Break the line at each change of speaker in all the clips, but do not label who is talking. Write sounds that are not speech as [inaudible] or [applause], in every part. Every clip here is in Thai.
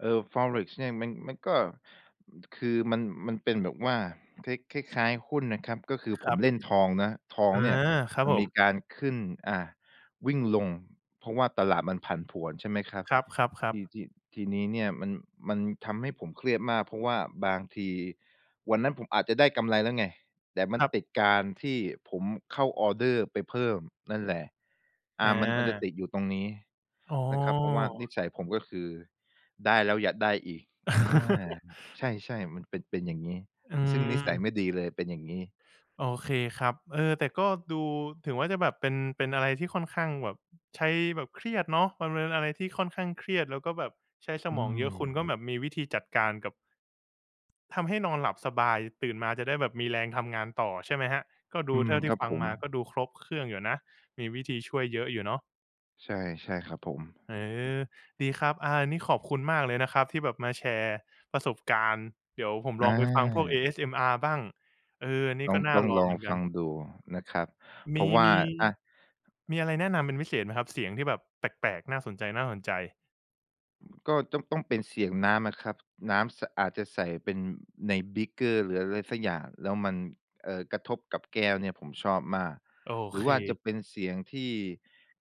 เอ่อ Forex เนี่ย มัน มันก็ อือ คือมัน มันเป็นแบบว่าคล้าย คล้าย ๆ หุ้นนะครับ ก็คือ
ค
ผ
ร
ม
ับ
เล่นทองนะ ทอ
อ
ง
า
เนี่ย
ครับ
มั
ผ
นมี
ม
การขึ้น อา วิ่งลง เพราะว่าตลาดมันผันผวน ใช่ไหมครับ
ครั
ท
บ
ี
ๆ ๆ
ที ทีนี้เนี่ย มัน มันทำให้ผมเครียดมาก เพราะว่าบางทีวันนั้นผมอาจจะได้กำไรแล้วไง แต่มั
ค
น
รั
ต
บ
ิดการที่ผมเข้าออร์เดอร์ไปเพิ่มนั่นแหละ อ
อ
่า มัน มันจะต
า
ิดอยู่ตรงนี้
อ๋
นะครับ เพราะว่านิ
อ
สัยผมก็คือได้แล้วอยากได้อีก อา ครับ
[laughs]
ใช่ ๆ มันเป็น เป็นอย่างงี้
อื
ซึ่งนิสั
ม
ยไม่ดีเลย เป็นอย่างงี้
โอเคครับ เออ แต่ก็ดู ถึงว่าจะแบบเป็น เป็นอะไรที่ค่อนข้างแบบ ใช้แบบ เครียดเนาะ มันเป็นอะไรที่ค่อนข้างเครียด แล้วก็แบบใช้ส
อื
มองเยอะ คุณ
ม
ก็แบบมีวิธีจัดการกับ ทำให้นอนหลับสบาย ตื่นมาจะได้แบบมีแรงทำงานต่อ ใช่ไหมครับ ก็ด
อ
ู
ื
เท
ม
่าที
ค
่
รับ
ฟัง
ผ
ม
ม
าก็ดูครบเครื่องอยู่นะ มีวิธีช่วยเยอะอยู่เนาะ
ใช่ ใช่ครับผม
เออ ดีครับ อา อันนี้ขอบคุณมากเลยนะครับ ที่แบบมาแชร์ประสบการณ์ เดี๋ยวผมล
อ
องไปฟังพวก
า
ASMR บ้าง เออ อันนี้
ต้
ก
อง
็น่า
ต้อง
ลอง
ลอ
เหม
ง
ือนก
ฟ
ั
ั
น
งดูนะครับ
ม
เพรา
ี
ะว่
ม
า
ี
อา
มีอะไรแนะนำเป็นพิเศษไหมครับ? เสียงที่แบบแปลก ๆ น่าสนใจ ๆ
ก็ต้อง ต้องเป็นเสียงน้ำนะครับ น้ำ ส อาจจะใส่เป็นในบีกเกอร์ หรืออะไรสักอย่าง แล้วมัน เอ่อ กระทบกับแก้วเนี่ย ผมชอบมาก
โอ
หรื
เ
อว่าจะ
ค
เป็นเสียงที่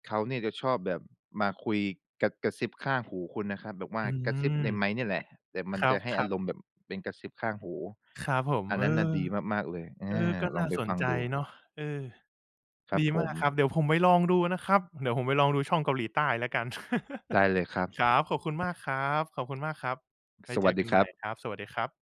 เขาเนี่ยจะชอบแบบมาคุย ก กระซิบข้างหูคุณน่ะครับ แบบว่า
อื
กระซิ
ม
บในไมค์นี่แหละ แต่ม
ค
ัน
ร
จะให้
ั
อา
บ
ร
ๆ
มณ์แบบเป็นกระซิบข้างหู
ครับผม
อัน
เ
น
อ
ั้นน่
อ
ะดีมาก ๆ เลย อ
เออ
า
ก็
ล
น่
อง
า
ไป
สน
ฟัง
ใจ
ดู
เนาะ เออ
ครั
ด
บ
ี
ผ
มาก
ม
ครับ เดี๋ยวผมไปลองดูนะครับ เดี๋ยวผมไปลองดูช่องเกาหลีใต้แล้วกัน
ได้เลยครับ
[laughs] ครับ ขอบคุณมาก ครับ ขอบคุณมากครับ ไว้
ส
เ
ว
จ
ัส
อ
ด
ก
ี
ัน
ค
ให
ร
ม
ั
่
บ
ครับ สวัสดีครับ